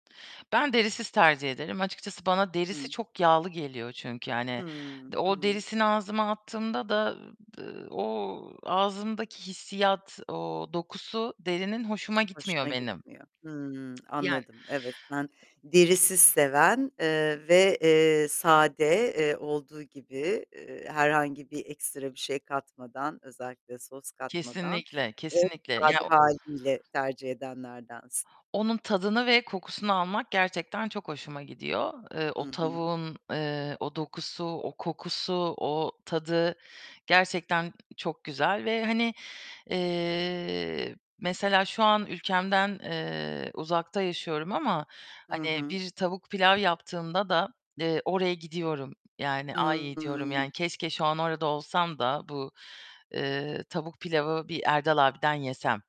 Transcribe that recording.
Ben derisiz tercih ederim. Açıkçası bana derisi Hı. çok yağlı geliyor çünkü, yani, Hıı. o Hı. derisini ağzıma attığımda da, eee, b eee, o ağzımdaki hissiyat, o dokusu derinin hoşuma gitmiyor Hoşuna benim. gitmiyor. Hıı. Yani Anladım. Evet, ben derisiz seven, eee, ve, eee, sade, eee, olduğu gibi, iii, herhangi bir ekstra bir şey katmadan, özellikle sos katmadan Kesinlikle, en kesinlikle ya, sade o hâliyle tercih edenlerdensin. onun tadını ve kokusunu almak gerçekten çok hoşuma gidiyor. Eee, Hı o hı. tavuğun, eee, o dokusu, o kokusu, o tadı gerçekten, ııı, çok güzel ve, hani, eee, mesela, şu an ülkemden, eee, uzakta yaşıyorum ama, Hı hani, hı. bir tavuk pilav yaptığımda da, eee, oraya gidiyorum, yani, "Ay," diyorum, yani, Hıı. "keşke şu an orada olsam da bu, eee, tavuk pilavı bir Erdal Abi'den yesem."